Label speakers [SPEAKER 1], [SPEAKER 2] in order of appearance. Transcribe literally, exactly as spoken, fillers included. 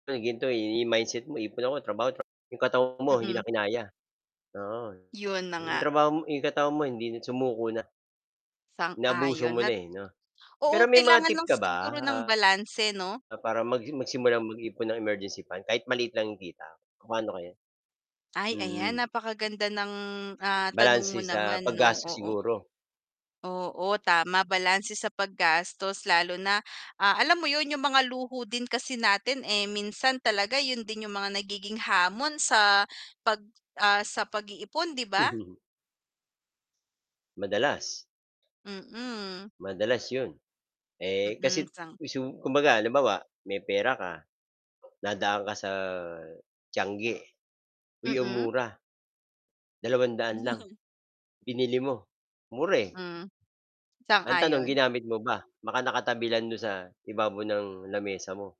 [SPEAKER 1] 'To gan'to i-mindset mo ipon ako trabaho tra 'yong katawan mo hindi
[SPEAKER 2] Mm.
[SPEAKER 1] na kinaya, oo.
[SPEAKER 2] 'Yun na
[SPEAKER 1] 'Yung
[SPEAKER 2] nga.
[SPEAKER 1] trabaho mo i'yong katawan mo hindi na sumuko na. Naabuso
[SPEAKER 2] Sang-ayon
[SPEAKER 1] mo na,
[SPEAKER 2] at
[SPEAKER 1] eh, 'no.
[SPEAKER 2] oo,
[SPEAKER 1] Pero may mga
[SPEAKER 2] kailangan
[SPEAKER 1] tip
[SPEAKER 2] lang
[SPEAKER 1] ka ba,
[SPEAKER 2] siguro ng
[SPEAKER 1] ah,
[SPEAKER 2] balanse 'no?
[SPEAKER 1] na para mag magsimulang mag-ipon ng emergency fund. Kahit maliit lang yong kita. Paano kaya?
[SPEAKER 2] Ay, ayan
[SPEAKER 1] Mm.
[SPEAKER 2] napakaganda ng, ah, tanong
[SPEAKER 1] Balanse
[SPEAKER 2] mo
[SPEAKER 1] sa
[SPEAKER 2] naman
[SPEAKER 1] pag
[SPEAKER 2] 'no,
[SPEAKER 1] gastos
[SPEAKER 2] oo.
[SPEAKER 1] siguro.
[SPEAKER 2] Oo tama, balanse sa paggastos lalo na, ah, alam mo 'yun yung mga luho din kasi natin, eh, minsan talaga 'yun din yung mga nagiging hamon sa pag, ah, sa pag-iipon 'di ba?
[SPEAKER 1] Madalas
[SPEAKER 2] Mm.
[SPEAKER 1] Madalas 'yon. Eh,
[SPEAKER 2] Mm,
[SPEAKER 1] kasi
[SPEAKER 2] sang
[SPEAKER 1] kisu kumbaga halimbawa may pera ka, nadaan ka sa tiangge. "Uy, ang
[SPEAKER 2] Mm.
[SPEAKER 1] mura." dalawang daan lang. Binili mo. Mura, eh.
[SPEAKER 2] Hmm.
[SPEAKER 1] Ang tanong
[SPEAKER 2] Sang-ayon.
[SPEAKER 1] ginamit mo ba? Baka nakatabi lang do'n sa, ibabaw ng lamesa mo.